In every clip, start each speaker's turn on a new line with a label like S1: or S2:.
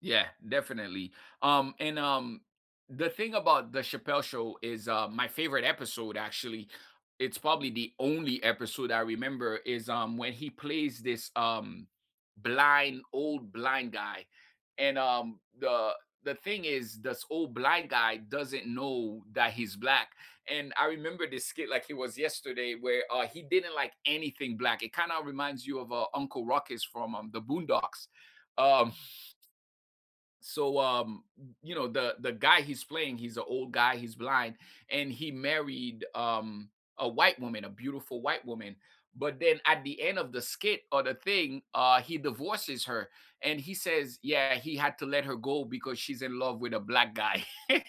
S1: Yeah, definitely, um and, um, the thing about the Chappelle Show is, uh, my favorite episode actually, it's probably the only episode I remember is, um, when he plays this, um, blind old blind guy, and, um, the the thing is this old blind guy doesn't know that he's black, and I remember this skit like it was yesterday where, uh, he didn't like anything black. It kind of reminds you of uh Uncle Ruckus from, um, the Boondocks, um. So, um, y you know, the the guy he's playing, he's a old guy, he's blind, and he married, um, a white woman, a beautiful white woman, but then at the end of the skit or the thing, uh, he divorces her and he says, "Yeah," he had to let her go because "She's in love with a black guy."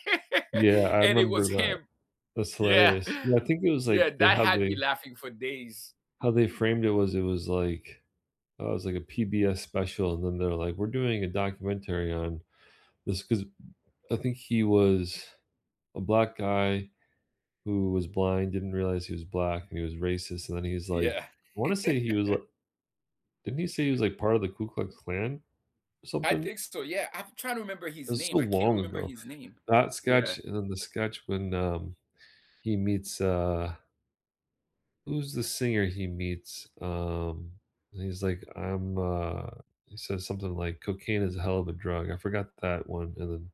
S2: Yeah, I
S1: And it
S2: remember
S1: was
S2: that.
S1: him.
S2: That's
S1: Yeah,
S2: hilarious. Yeah, I think it was
S1: yeah,
S2: like they
S1: that
S2: how
S1: had
S2: they
S1: me laughing for days.
S2: how they framed it was it was like, uh, it was like a PBS special and then they're like, "We're doing a documentary on this 'cause" m I think he was a black guy who was blind, didn't realize he was black, and he was racist, and then he was like
S1: Yeah.
S2: I wanna say he was li Didn't he say he was like part of the Ku Klux Klan or
S1: I
S2: something?
S1: think so, yeah. I'm trying to remember his
S2: It's so
S1: name, I can't
S2: long
S1: remember
S2: ago.
S1: his name.
S2: That
S1: Yeah.
S2: sketch and then the sketch when, um, he meets, uh Who's the singer he meets? Um, and he's like, I'm, uh, he says something like cocaine is a hell of a drug. I forgot that one. And then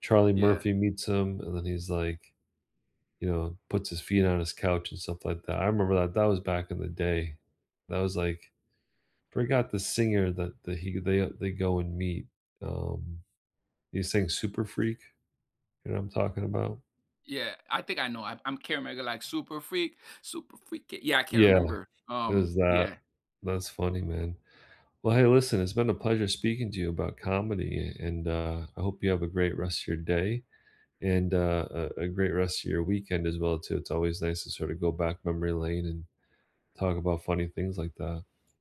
S2: Charlie
S1: Yeah.
S2: Murphy meets him and then he's like, you know, puts his feet on his couch and stuff like that. I remember that that was back in the day. That was like, forgot the singer that that he they, they go and meet, um, they sing Super Freak, you know what I'm talking about?
S1: Yeah, I think I know. I'm I'm Kara Mega, like, super freak, super freaky, yeah, I can't
S2: Yeah,
S1: remember,
S2: it
S1: um,
S2: was that.
S1: yeah.
S2: That's funny, man. Well, hey, listen, it's been a pleasure speaking to you about comedy and and, uh, I hope you have a great rest of your day and, uh, a a a great rest of your weekend as well too. It's always nice to sort of go back memory lane and talk about funny things like that.